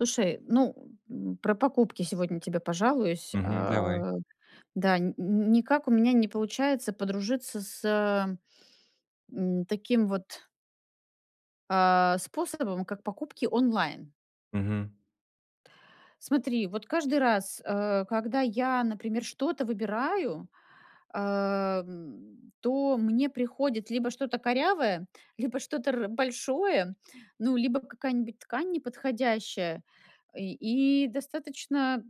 Слушай, ну, м, про покупки сегодня тебе пожалуюсь, э, Мгм, давай. да, н никак у меня не получается подружиться с, м, таким вот а, способом, как покупки онлайн. Мгм. Смотри, вот, каждый раз, э, когда я, например, что-то выбираю, э, м, то мне приходит либо что-то корявое, либо что-то р большое, ну, либо какая-нибудь ткань неподходящая, и и достаточно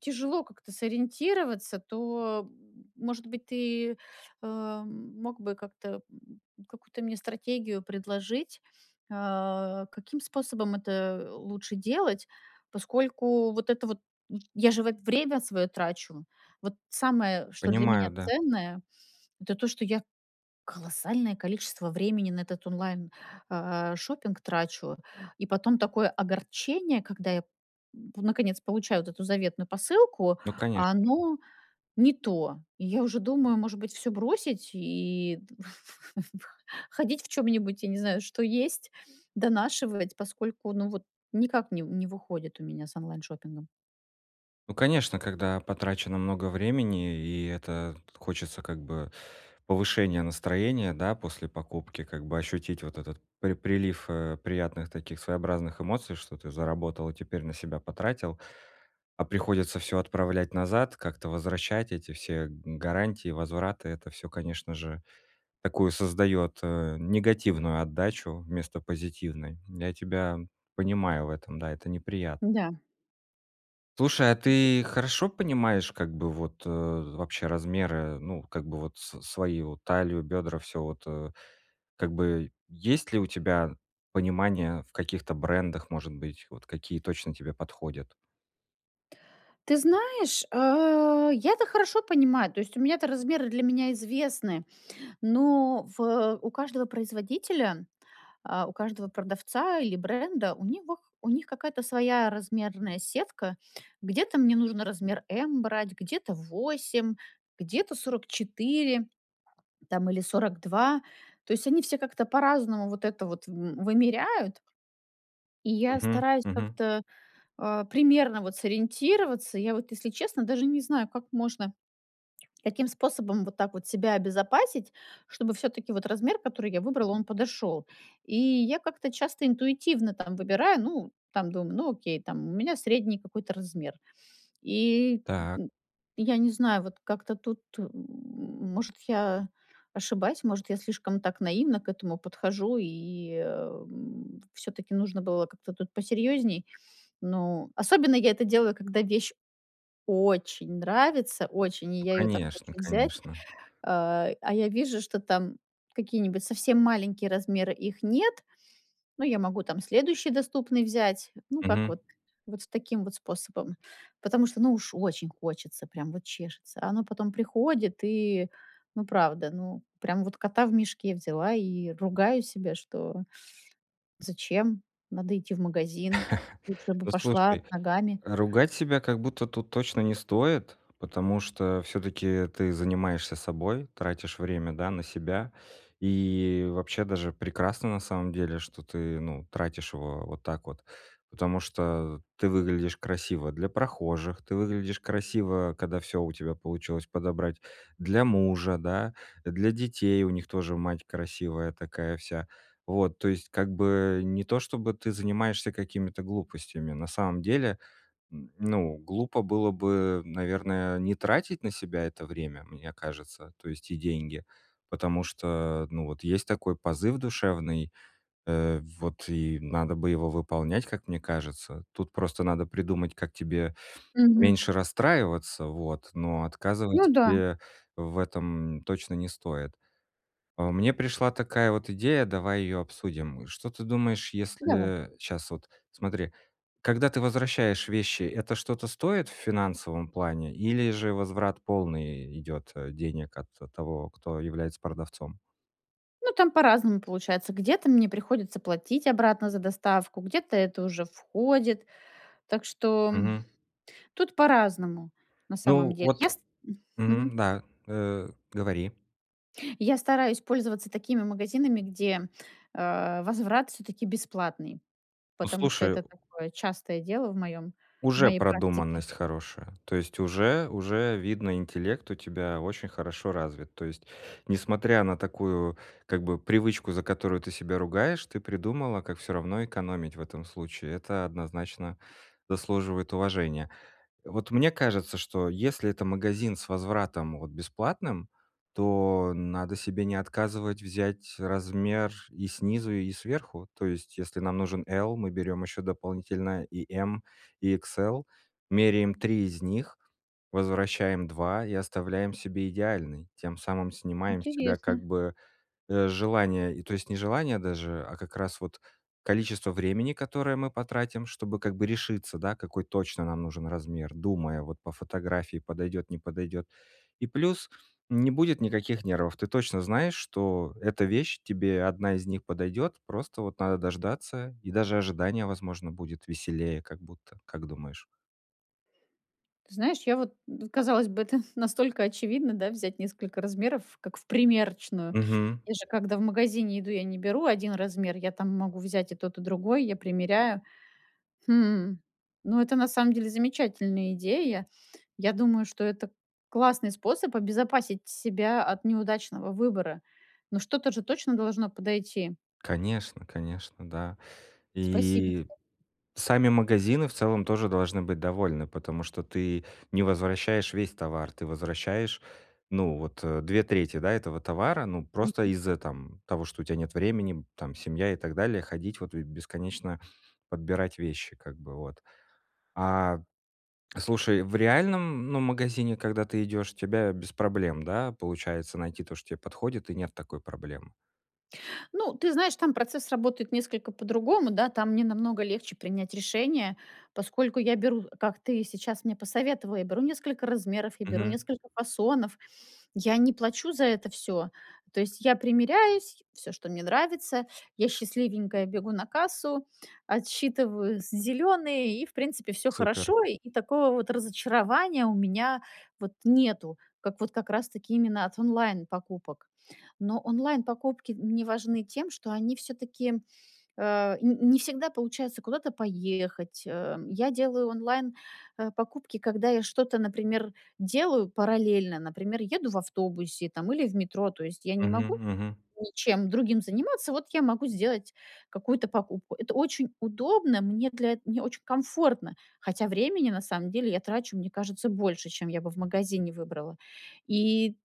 тяжело как-то сориентироваться, то, м. Может быть, ты, эм, мог бы как-то, м, какую-то мне стратегию предложить, э, каким способом это, э, лучше делать, поскольку, вот это вот, я же, вот, время свое трачу. Вот, самое, что для Понимаю, меня да. ценное, это то, что я колоссальное количество времени на этот онлайн, э, шопинг, трачу. И потом такое огорчение, когда я п наконец, получаю вот эту заветную посылку, Ну, а конечно. [unintelligible] оно не то. Я уже думаю, может быть всё бросить, и ходить в чём-нибудь, я не знаю, что есть, донашивать, поскольку, ну, вот никак не не выходит у меня с онлайн-шоппингом. Ну, конечно, когда потрачено много времени и, это, хочется как бы повышения настроения, да, после покупки, как бы ощутить вот этот при прилив, э, приятных таких своеобразных эмоций, что ты заработал и теперь на себя потратил. А приходится всё отправлять назад, как-то возвращать эти все г гарантии, возвраты. Это всё, конечно же, такую создаёт, э, негативную отдачу вместо позитивной. Я тебя понимаю в этом, да, это неприятно. Да. Слушай, а [unintelligible] ты хорошо понимаешь как бы вот вообще размеры, ну, как бы вот с свои, вот талию, бедра, всё вот, э? Как бы есть ли у тебя понимание в каких-то брендах, может быть, вот какие точно тебе подходят? Ты знаешь, э, я то хорошо понимаю. То есть у меня то размеры для меня известны. Но в у каждого производителя, а, у каждого продавца или бренда, у них у них какая-то своя размерная сетка. Где-то мне нужно размер "M" брать, где-то 8, где-то 44, там или 42. То есть они все как-то по-разному вот это вот в вымеряют. И я Мгм, стараюсь мгм. как-то, э, примерно вот сориентироваться. Я вот, если честно, даже не знаю, как можно, каким способом вот так вот себя обезопасить, чтобы всё-таки вот размер, который я выбрала, он подошел. И я как-то часто интуитивно там выбираю. Ну, там думаю: "Ну, окей там, у меня средний какой-то размер". И Так. я не знаю, вот как-то тут, м. Может, я ошибаюсь, может, я слишком так наивно к этому подхожу и, м, всё-таки нужно было как-то тут посерьезней. Ну, особенно я это делаю, когда вещь очень нравится. Очень. И Ну, я ее так хочу конечно, взять. конечно. Э, а я вижу, что там какие-нибудь совсем маленькие размеры, их нет. Но я могу там следующий доступный взять. Ну, как Мгм. вот, вот в таким вот способом. Потому что ну, уж очень хочется, прям вот чешется. А оно потом приходит и, ну, правда, ну, прям вот кота в мешке взяла и ругаю себя, что зачем надо идти в магазин? Лучше бы Ну, слушай, пошла ногами. э, ругать себя как будто тут точно не стоит, потому что всё-таки ты занимаешься собой, тратишь время, да, на себя. И вообще даже прекрасно на самом деле, что ты, ну, тратишь его вот так вот, потому что ты выглядишь красиво для прохожих, ты выглядишь красиво, когда всё у тебя получилось подобрать, для мужа, да, э, для детей- у них тоже мать красивая такая вся. Вот, то есть как бы не то, чтобы ты занимаешься какими-то глупостями. На самом деле, м, ну, глупо было бы, наверное, не тратить на себя это время, мне кажется, то есть и деньги, потому что, ну, вот есть такой позыв душевный, э, вот и надо бы его выполнять, как мне кажется. Тут просто надо придумать, как тебе Мгм. меньше расстраиваться, вот, но Ну отказывать да. себе в этом точно не стоит. Э, мне пришла такая вот идея, давай её обсудим. Что ты думаешь, Давай. если щас вот, смотри: когда ты возвращаешь вещи, это что-то стоит в финансовом плане или же возврат полный и идет, э, денег от того, кто является продавцом? Ну, там по-разному получается. Где-то мне приходится платить обратно за доставку, где-то это уже входит. Так что Мгм. тут по-разному на самом Ну, деле. вот, Я ст мгм. мгм, да, э, говори. Я стараюсь пользоваться такими магазинами, где, э, возврат всё-таки бесплатный, Ну, потому что слушаю! это такое частое дело в моем в Уже моей практике. продуманность хорошая, то есть уже уже видно, интеллект у тебя очень хорошо развит. То есть, несмотря на такую как бы привычку, за которую ты себя ругаешь, ты придумала, как всё равно экономить в этом случае. Это однозначно заслуживает уважения. Вот мне кажется, что если это магазин с возвратом, вот, бесплатным, то надо себе не отказывать, взять размер и снизу и сверху, то есть если нам нужен "L", мы берем еще дополнительно и "M", и "XL", меряем 3 из них, возвращаем 2 и оставляем себе идеальный, тем самым снимаем с тебя как Интересно. бы, э, желание, то есть не желание даже, а как раз вот количество времени, которое мы потратим, чтобы как бы решиться, да, какой точно нам нужен размер, думая вот по фотографии, подойдёт, не подойдёт. И плюс, не будет никаких нервов, ты точно знаешь, что эта вещь, тебе 1 из них подойдёт, просто вот надо дождаться, и даже ожидание возможно будет веселее как будто, как думаешь? Ты знаешь, я вот казалось бы, это настолько очевидно, да, взять несколько размеров, как в примерочную. Мгм. Я же когда в магазине иду, я не беру 1 размер. Я там могу взять и тот и другой, я примеряю. Хм. Ну, это на самом деле замечательная идея. Я думаю, что это классный способ обезопасить себя от неудачного выбора. Ну, что-то же точно должно подойти. Конечно, конечно, да. Спасибо И тебе. сами магазины в целом тоже должны быть довольны, потому что ты не возвращаешь весь товар, ты возвращаешь, ну, вот 2/3 этого товара, ну, просто Мгм. из-за, э, там того, что у тебя нет времени там, семья и так далее, ходить, вот, и бесконечно подбирать вещи как бы, вот. А. Слушай, в реальном, ну, магазине, когда ты идёшь, у тебя без проблем, да, получается найти то, что тебе подходит, и нет такой проблемы? Ну, ты знаешь, там процесс работает несколько по-другому, да. Там мне намного легче принять решение, поскольку я беру, как ты сейчас мне посоветовал, я беру несколько размеров, я беру Мгм. несколько фасонов, я не плачу за это всё. То есть я примеряюсь, всё, что мне нравится, я счастливенькая бегу на кассу, отсчитываю з зеленые, и в принципе, всё Супер. хорошо. И такого, вот, разочарования, у меня, вот, нету. Как, вот, как раз таки, именно от онлайн покупок. Но онлайн покупки мне важны тем, что они, всё-таки, э, н не всегда получается куда-то поехать, э, я делаю онлайн, э, покупки, когда я что-то, например, делаю параллельно. Например, еду в автобусе, там, или в метро. То есть, я не Мгм могу мгм. ничем другим заниматься, вот, я могу сделать какую-то покупку. Это очень удобно. Мне для эт мне очень комфортно. Хотя времени, на самом деле, я трачу, мне кажется, больше, чем я бы в магазине выбрала. И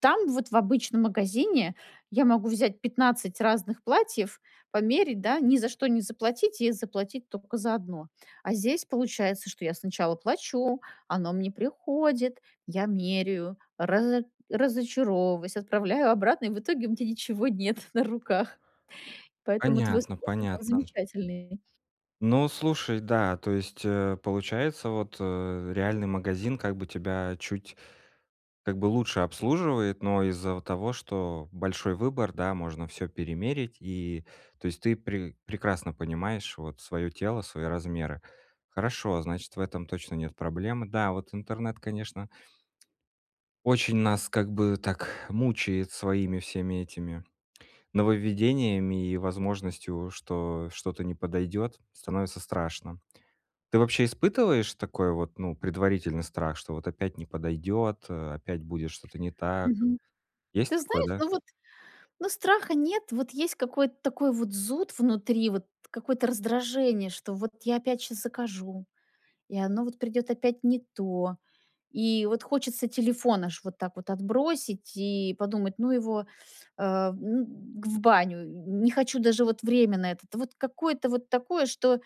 там вот в обычном магазине я могу взять 15 разных платьев, померять, да. Ни за что не заплатить, и заплатить только за 1. А здесь, получается, что я сначала плачу, оно мне приходит, я меряю, разо разочаровываюсь, отправляю обратно, и в итоге у меня ничего нет на руках. Поэтому твой Понятно, способ, он понятно. замечательный. Ну, слушай, да то есть, э, получается, вот, э, реальный магазин, как бы тебя чуть, как бы, лучше обслуживает, но из-за вот того, что большой выбор, да, можно всё перемерить, и, то есть ты пре прекрасно понимаешь, вот, свое тело, свои размеры. Хорошо, значит, в этом точно нет проблем. Да, вот интернет, конечно очень нас, как бы, так, мучает, своими, всеми этими, нововведениями и возможностью, что что-то не подойдёт, становится страшно. Ты вообще испытываешь такой вот, ну, предварительный страх, что, вот, опять не подойдёт, э, опять будет что-то не так? Мгм. Есть Ты такое, знаешь, да? ну, вот, ну, страха нет. Вот, есть какой-то такой вот зуд внутри, вот, какое-то раздражение, что, вот, я опять сейчас закажу, и оно, вот, придет опять не то. И, вот, хочется телефон аж, вот так вот, отбросить, и подумать: "Ну его, э, ну г в баню, не хочу даже, вот, время на это". Вот, какое-то вот такое, что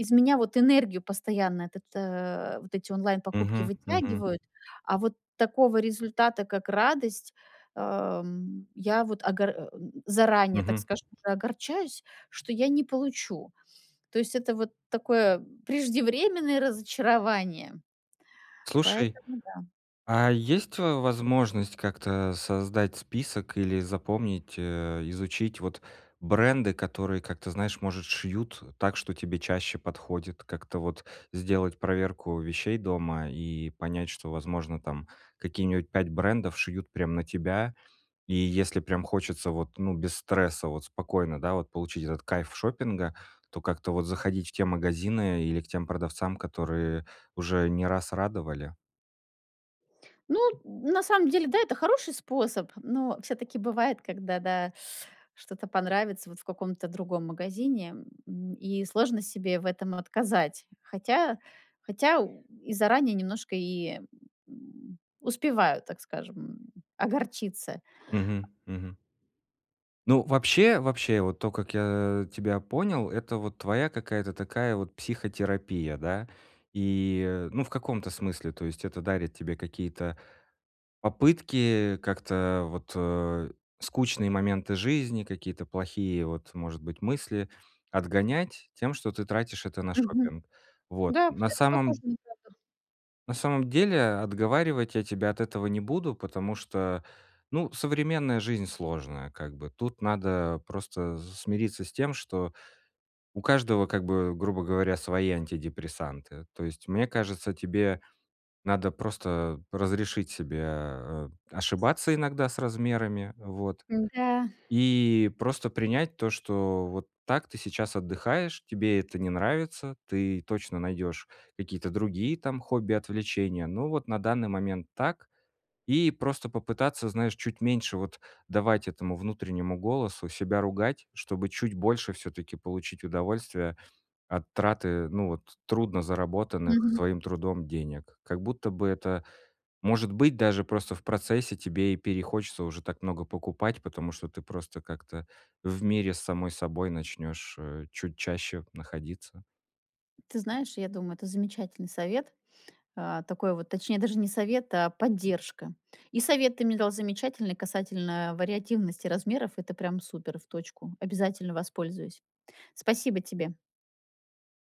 из меня, вот, энергию постоянно, этот, э, вот, эти онлайн покупки Мгм мгм. вытягивают. А вот такого результата, как радость, э, м, я вот огор эм, заранее, так Мгм. скажем, уже огорчаюсь, что я не получу. То есть, это вот такое, преждевременное разочарование. Слушай, Поэтому, да. а есть, э, возможность как-то создать список или запомнить, э, изучить, вот, бренды, которые, как-то, знаешь, может шьют так, что тебе чаще подходит, как-то, вот, сделать проверку вещей дома, и понять, что, возможно, там, какие-нибудь 5 брендов шьют прям на тебя, и если прям хочется, вот, ну, без стресса, вот, спокойно, да, вот, получить этот кайф шопинга, то как-то, вот, заходить в те магазины или к тем продавцам, которые уже не раз радовали. Ну, на самом деле, да, это хороший способ. Но всё-таки бывает, когда, да, что-то понравится вот в каком-то другом магазине, м. И сложно себе в этом отказать. Хотя, хотя и заранее немножко и успеваю, так скажем, огорчиться. Мгм, мгм. Ну, вообще, вообще, вот то, как я тебя понял- это вот твоя какая-то такая вот психотерапия, да? И, ну, в каком-то смысле. То есть это дарит тебе какие-то попытки как-то вот, э, скучные моменты жизни, какие-то плохие вот, может быть, мысли отгонять тем, что ты тратишь это на Мгм. шопинг? Вот. Да, На это похоже самом на правду. на самом деле, отговаривать я тебя от этого не буду, потому что, ну, современная жизнь сложная, как бы. Тут надо просто смириться с тем, что у каждого, как бы, грубо говоря, свои антидепрессанты. То есть, мне кажется, тебе надо просто разрешить себе, э, ошибаться иногда с размерами, вот, Н-да. и просто принять то, что вот так ты сейчас отдыхаешь, тебе это не нравится, ты точно найдёшь какие-то другие там хобби, отвлечения, ну, вот на данный момент так. И просто попытаться, знаешь, чуть меньше вот давать этому внутреннему голосу себя ругать, чтобы чуть больше всё-таки получить удовольствия от траты, ну вот трудно заработанных Мгм. своим трудом денег. Как будто бы это, может быть, даже просто в процессе тебе и перехочется уже так много покупать, потому что ты просто как-то в мире с самой собой начнёшь, э, чуть чаще находиться. Ты знаешь, я думаю, это замечательный совет. А, такой вот точнее, даже не совет, а поддержка. И совет ты мне дал замечательный касательно вариативности размеров. Это прям супер. В точку. Обязательно воспользуюсь. Спасибо тебе!